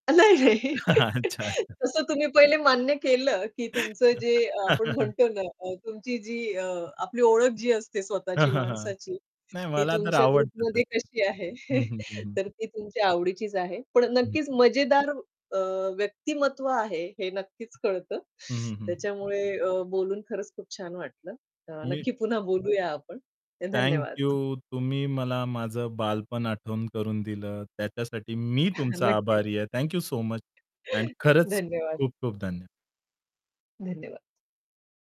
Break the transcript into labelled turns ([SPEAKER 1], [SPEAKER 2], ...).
[SPEAKER 1] नाही, नाही.
[SPEAKER 2] अच्छा-अच्छा.
[SPEAKER 1] तसं तुम्ही पहिले मान्य केलं की तुमचं जे अ, आपण म्हणतो ना अ, तुमची जी अ, आपली ओळख जी असते,
[SPEAKER 2] हां,
[SPEAKER 1] स्वतःची
[SPEAKER 2] हां, हां.
[SPEAKER 1] माणसाची
[SPEAKER 2] नाही
[SPEAKER 1] ती
[SPEAKER 2] मला तर
[SPEAKER 1] तुमच्या
[SPEAKER 2] आवडत
[SPEAKER 1] ग्रुपमध्ये
[SPEAKER 2] तसं.
[SPEAKER 1] कशी आहे?
[SPEAKER 2] हं, हं, हं, हं.
[SPEAKER 1] तर ती तुमच्या आवडीचीच आहे. पण
[SPEAKER 2] हं.
[SPEAKER 1] नक्कीच मजेदार अ, व्यक्तिमत्व आहे, हे नक्कीच कळतं.
[SPEAKER 2] हं, हं, हं
[SPEAKER 1] त्याच्यामुळे अ, बोलून खरंच खूप छान वाटलं. अ,
[SPEAKER 2] मी
[SPEAKER 1] नक्की पुन्हा बोलूया आपण. अ,
[SPEAKER 2] थँक
[SPEAKER 1] धन्यवाद.
[SPEAKER 2] यू, तुम्ही मला माझं बालपण आठवण करून दिलं. त्याच्यासाठी मी तुमचा
[SPEAKER 1] नक्कीच.
[SPEAKER 2] आभारी आहे. थँक यू सो मच आणि खरंच
[SPEAKER 1] धन्यवाद.
[SPEAKER 2] खूप-खूप धन्यवाद.
[SPEAKER 1] धन्यवाद.